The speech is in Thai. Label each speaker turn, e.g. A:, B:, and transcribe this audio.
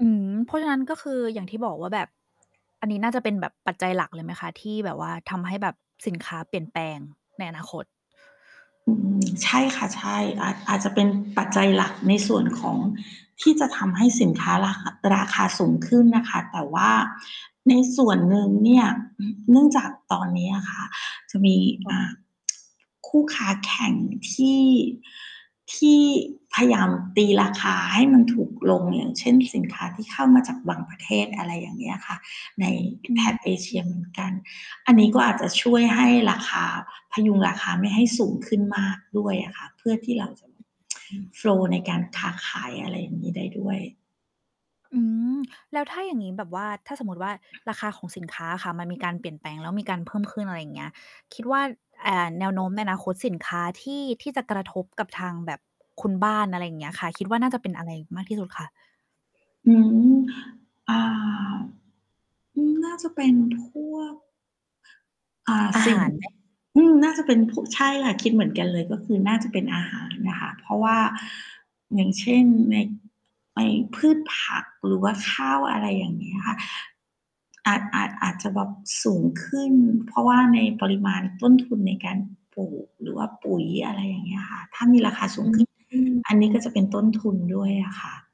A: อืม เพราะฉะนั้น ก็คืออย่างที่บอกว่าแบบ อันนี้น่าจะเป็นแบบปัจจัยหลักเลยไหมคะ? ที่แบบว่าทำให้แบบสินค้าเปลี่ยนแปลงในอนาคต
B: อืม ใช่ค่ะ ใช่ อาจ อาจจะเป็นปัจจัยหลัก ในส่วนของ ที่จะทำให้สินค้าราคะ ราคาสูงขึ้นน่ะค่ะ แต่ว่าในส่วนหนึ่งเนี่ย อ เนื่องจากตอนนี้อะค่ะ จะมี
A: ค่
B: อ่า
A: ะ
B: คู่ค้าแข่งที่ ที่พยายามตีราคาให้มันถูกลง อย่างเช่น สินค้าที่เข้ามาจากบางประเทศ อะไรอย่างเงี้ยค่ะ ใน
A: อ
B: แถบ
A: ื
B: เอเชีย
A: ม
B: เหมือนกัน อันนี้ก็อาจจะช่วยให้ราคา พยุงราคาไม่ให้สูงขึ้นมากด้วยอะค่ะ เพื่อที่เราจะแบบ
A: อืม
B: โฟลว์ ในการค้าขาย อะไรอย่างงี้ได้ด้วย
A: อืม แล้วถ้าอย่างงี้แบบว่า ถ้าสมมติว่าราคาของสินค้าอะค่ะ มันมีการเปลี่ยนแปลง แล้วมีการเพิ่มขึ้น อะไรอย่างเงี้ย คิดว่า อ่า แนวโน้มในอนาคตสินค้าที่ ที่จะกระทบกับทางแบบ คุณบ้าน อะไรอย่างเงี้ยค่ะ คิดว่าน่าจะเป็นอะไรมากที่สุดคะ?
B: อืม อ่า อืม น่าจะเป็นพวก อ่า
A: อา
B: สิ
A: ห
B: ่ง
A: าร ไหม?
B: อืม น่าจะเป็นพวก ใช่ค่ะ คิดเหมือนกันเลย ก็คือน่าจะเป็นอาหารน่ะค่ะ เพราะว่า อย่างเช่น ใน ในพืชผักหรือว่าข้าว อะไรอย่างเงี้ยค่ะ อาจ อาจ อาจจะแบบสูงขึ้น เพราะว่าในปริมาณต้นทุนในการปลูก หรือว่าปุ๋ย อะไรอย่างเงี้ยค่ะ ถ้ามีราคาสู
A: อ
B: ง
A: ื
B: ขึ้น
A: อ
B: อันนี้ก็จะเป็นต้นทุนด้วยอะค่ะ